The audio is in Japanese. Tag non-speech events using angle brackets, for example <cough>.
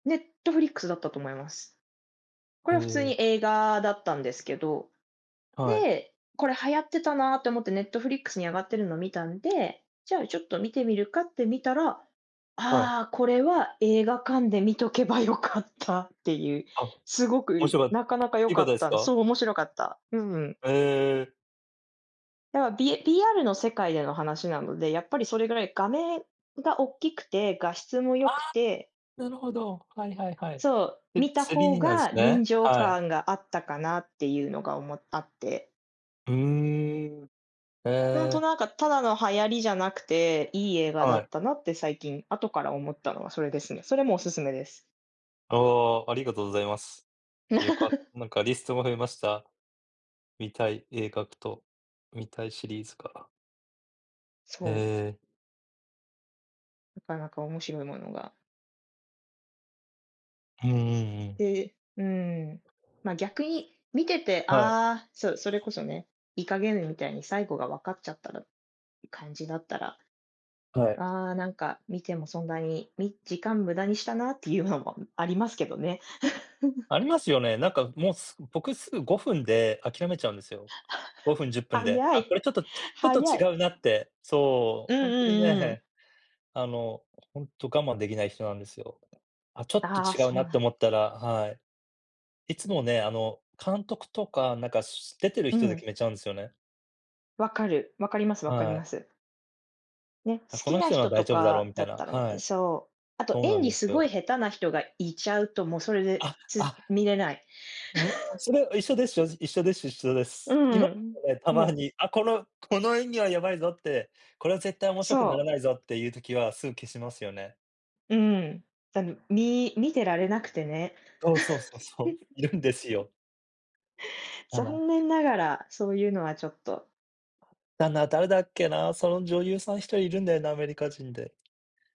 Netflix だったと思います。こへれは普通え。に映画だったんですけど、はい。で、これ流行ってたなって思って、Netflix に上がってるのを見たんで、じゃあちょっと見てみるかって見たら、はい。ああ、これは映画館で見とけばよかったっていう、あ、すご面く白かっなかなか良良かかったっですた、か？そう面白かった。うん。へえ。だから、び VR の世界での話なので、やっぱりそれぐらい画面が大きくて、画質も良ああ、くて。なるほど。はいはいはい。そう、で、見たつり方になんすがね、臨場はい。感があったかなっていうのが、おもあって。ふうん。へほんとえ。なんか、ただの流行りじゃなくて、いい映画だはい。ったなって、最近後から思ったのはそれですね。それもおすすめです。ああ、ありがとうございます。よか <chuckles> なんかリストも増えました。見たい映画と見たいシリーズから。えそう。え。なかなか面白いものが。うんうんうん。で、うーん、ま、逆に見てて、はい。ああ、そう、それこそね、イカゲームみたいに最後が分かっちゃったらって、感じだったら、はあい。あ、なんか見てもそんなに。み時間無駄にしたなっていうのもありますけどね。<chuckles> ありますよね、なんかもう僕すぐ5分で諦めちゃうんですよ。<chuckles> 5分、10分で。早あ、い、これちょっと、ちょっと早い。違うなって。そうんう、ほんとうにんうんうん。ね、あのほんと我慢できない人なんですよ。あ、ちょっとああ、違うなそうっなてん思ったら、はい。いつもね、あの、監督とか、なんかし出てるう人でん。決めちゃうんですよね。分かる。分かります分かりはい。ます。ね、好あ、こきのな人のは人大と丈夫だろうかみたいだっな、たらね、はい。そう。あとそうな演ん技ですすごいよ。下手な人がいちゃうと、もうそれで、あ、つあ。見れない。うわ、<laughs> それは一緒です。正直一緒でしゅ一緒でうす。今ん、もね、たもまう。に。あ、このこの演技はやばいぞって、これは絶対面白くならそう。ないぞっていう時は、すぐ消しますよね。うん、たみみ見てられなくてね。そうそうそうそう。いるんです <laughs> よ。だな。残念ながら、そういうのはちょっと。だな、誰だっけな、その女優さん1人いるんだよな、アメリカ人で。